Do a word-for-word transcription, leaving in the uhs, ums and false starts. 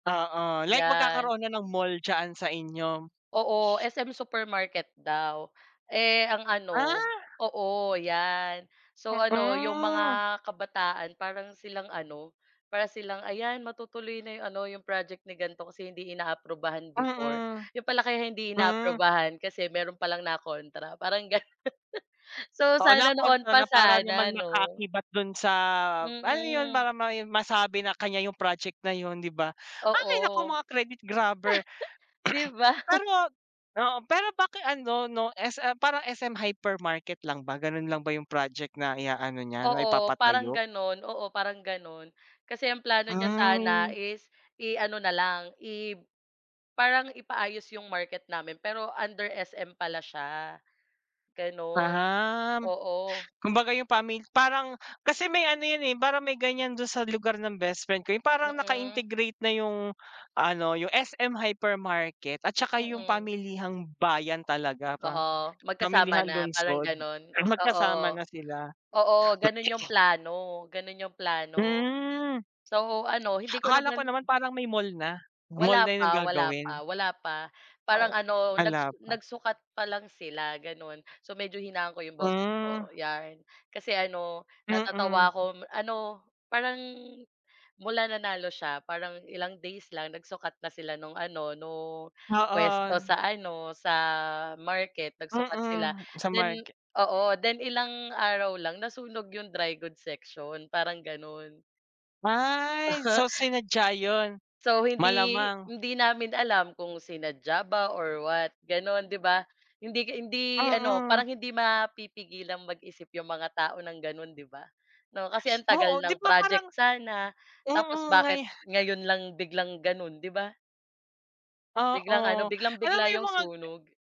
Oo, like 'Yan. magkakaroon na ng mall diyaan sa inyo. Oo, S-M Supermarket daw. Eh, ang ano, Ah! oo 'yan. So, ano 'yong mga Mm. kabataan parang silang ano, para silang, "Ayan matutuloy na 'yong ano 'yong project ni ganito, kasi hindi inaaprubahan before." Mm, 'Yon pala kaya hindi hmm. inaaprubahan kasi meron palang na kontra parang ganun. So, Oo, na sana noon kontra pa na para naman sana 'no. maka-akibat dun sa ano yun Mm. para may masabi na kanya yung project na yun 'di ba? Oo. Hay! Naku mga credit grabber. 'Di ba? Pero oo pero bakit ano 'no, S-M parang S-M Hypermarket lang ba, gano'n lang ba yung project na i-aano niya na Oo parang ipapatayo? gano'n oo parang gano'n. Kasi ang plano niya sana Mm. is i-ano na lang i-parang ipaayos 'yong market namin pero under S-M pala siya gano'n, Um, oo. kumbaga yung pami parang kasi may ano yan, eh, parang may ganyan dun sa lugar ng best friend ko. Yung parang Mm. naka-integrate na yung ano, yung S-M Hypermarket at saka yung Mm. pamilihang bayan talaga Oo, pa pa magkasama pamilihang na parang lungsod. gano'n, oo Magkasama na sila. oo gano'n 'yong [unintelligible] plano gano'n 'yong plano. Hmm. So, ano hindi ko Akala ko naman naman parang may mall na, mall Wala na yung pa wala gagawin. pa wala pa, parang Ay, ano nag wala pa. nagsukat pa lang sila gano'n. So, medyo hinaan ko 'yong boses Hmm. ko 'yan. Kasi ano natatawa Mm. ako, ano parang mula nanalo siya parang ilang days lang nagsukat na sila no'ng ano nung puwesto Oo. sa ano, sa market nagsukat sila Mm, sa then market. oo. Then ilang araw lang nasunog 'yong dry goods section, parang gano'n. Ay, so sinadya yun, So, hindi malamang. hindi namin alam kung sinadya ba or what gano'n, 'di ba. Hindi hindi ano Mm. parang hindi mapipigilan mag-isip yung mga tao ng ganun 'di ba 'no. Kasi ang Oo, tagal 'di ng ba parang project sana tapos mm, ngay. bakit ngayon lang biglang ganun, 'di ba? Biglang ano, Oo, alam mo biglang-bigla yung yung mga sunog.